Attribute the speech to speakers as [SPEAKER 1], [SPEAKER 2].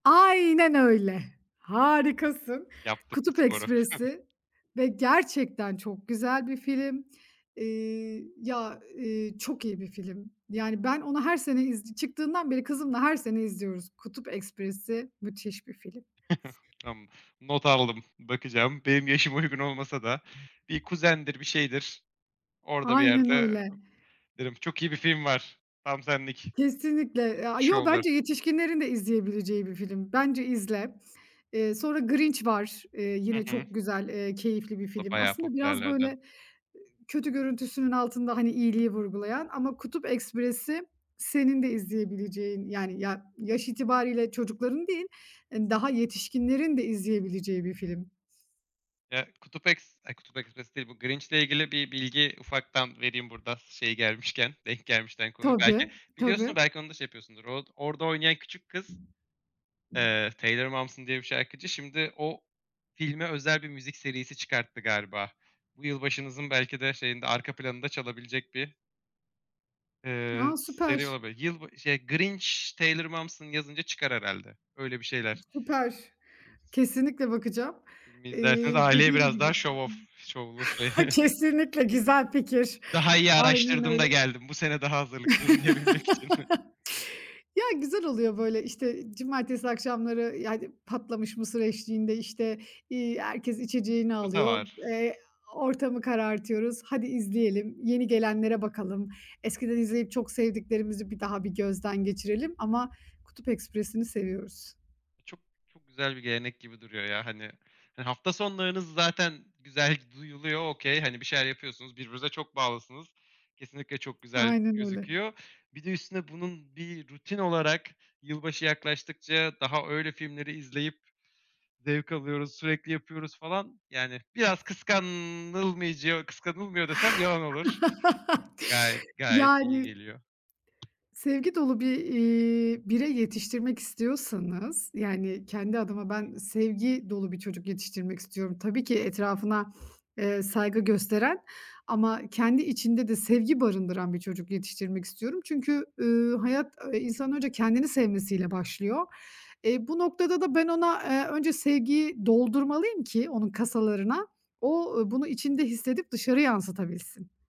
[SPEAKER 1] Aynen öyle. Harikasın.
[SPEAKER 2] Yaptık bu
[SPEAKER 1] Kutup
[SPEAKER 2] sporu.
[SPEAKER 1] Ekspresi ve gerçekten çok güzel bir film. Iıı, ya, ııı, çok iyi bir film. Yani, ben onu her sene iz çıktığından beri kızımla her sene izliyoruz. Kutup Ekspresi müthiş bir film. S
[SPEAKER 2] Tamam, not aldım, bakacağım. Benim yaşıma uygun olmasa da bir kuzendir, bir şeydir. Orada bir
[SPEAKER 1] Aynen
[SPEAKER 2] yerde
[SPEAKER 1] öyle.
[SPEAKER 2] derim, "Çok iyi bir film var. Tam senlik."
[SPEAKER 1] Kesinlikle. E aaa, yo,
[SPEAKER 2] [unintelligible]
[SPEAKER 1] bence yetişkinlerin de izleyebileceği bir film. Bence izle. Eee, sonra Grinch var. Eee,
[SPEAKER 2] Hı
[SPEAKER 1] yine
[SPEAKER 2] hı.
[SPEAKER 1] çok güzel, eee, keyifli bir
[SPEAKER 2] O,
[SPEAKER 1] film.
[SPEAKER 2] bayağı
[SPEAKER 1] Aslında biraz, böyle,
[SPEAKER 2] popülerlerden.
[SPEAKER 1] ııı, kötü görüntüsünün altında, hani, iyiliği vurgulayan ama Kutup Ekspresi senin de izleyebileceğin, yani ya yaş itibariyle çocukların değil daha, ııı, yetişkinlerin de izleyebileceği bir film.
[SPEAKER 2] Eee, Kutup Eks A, Kutup Ekspresi değil, bu Grinch ile ilgili bir bilgi ufaktan vereyim burada s şey gelmişken, denk gelmişken konuyu. Belki
[SPEAKER 1] Tabii,
[SPEAKER 2] biliyorsundur,
[SPEAKER 1] tabii.
[SPEAKER 2] belki onu da şey yapıyorsundur. Or orada oynayan küçük kız, eee, Taylor Momsen diye bir şarkıcı, şimdi o filme özel bir müzik serisi çıkarttı galiba. Bu yılbaşımızın belki de şeyinde, arka planında çalabilecek bir ııı,
[SPEAKER 1] A,
[SPEAKER 2] seri
[SPEAKER 1] süper.
[SPEAKER 2] olabilir. Yılba şey "Grinch Taylor Momsen" yazınca çıkar herhâlde. Öyle bir şeyler.
[SPEAKER 1] Süper.
[SPEAKER 2] [unintelligible]
[SPEAKER 1] Kesinlikle bakacağım.
[SPEAKER 2] Filmi
[SPEAKER 1] Eee,
[SPEAKER 2] izlersiniz aileye
[SPEAKER 1] dediğim
[SPEAKER 2] biraz
[SPEAKER 1] gibi
[SPEAKER 2] daha show-off şovlu şey.
[SPEAKER 1] Kesinlikle güzel fikir.
[SPEAKER 2] Daha iyi
[SPEAKER 1] Aynen
[SPEAKER 2] araştırdım da
[SPEAKER 1] öyle.
[SPEAKER 2] geldim. Bu sene daha hazırlıklıyım diyebilmek için.
[SPEAKER 1] Ya, güzel oluyor, böyle, işte, cumartesi akşamları, yani, patlamış mısır eşliğinde, işte, iii, herkes içeceğini
[SPEAKER 2] [unintelligible] Da
[SPEAKER 1] alıyor,
[SPEAKER 2] var.
[SPEAKER 1] eee, ortamı karartıyoruz. "Hadi izleyelim, yeni gelenlere bakalım. Eskiden izleyip çok sevdiklerimizi bir daha bir gözden geçirelim." Ama Kutup Ekspresi'ni seviyoruz.
[SPEAKER 2] İ çok, çok güzel bir gelenek gibi duruyor ya hani. Ha hafta sonlarınız zaten güzel g duyuluyor. Okay, hani, bir şeyler yapıyorsunuz, birbirinize çok bağlısınız. Kesinlikle çok güzel
[SPEAKER 1] Aynen öyle.
[SPEAKER 2] gözüküyor. Bir de üstüne bunun bir rutin olarak, "Yılbaşı yaklaştıkça daha öyle filmleri izleyip zevk alıyoruz sürekli yapıyoruz." falan. Yani biraz kıskanılmayacağı kıskanılmıyor desem yalan olur. Gayet, gayet
[SPEAKER 1] Yani
[SPEAKER 2] iyi geliyor.
[SPEAKER 1] sevgi dolu bir, iii, birey yetiştirmek istiyorsanız, yani, kendi adıma ben
[SPEAKER 2] Peki.
[SPEAKER 1] sevgi dolu bir çocuk yetiştirmek istiyorum. Tabii ki etrafına, eee, saygı gösteren ama kendi içinde de sevgi barındıran bir çocuk yetiştirmek istiyorum. Çünkü, ııı, hayat, ııı, insanın önce kendini sevmesi ile başlıyor. Eee, bu noktada da ben ona, eee, önce sevgiyi doldurmalıyım ki onun kasalarına, o, ııı, bunu içinde hissedip dışarı yansıtabilsin.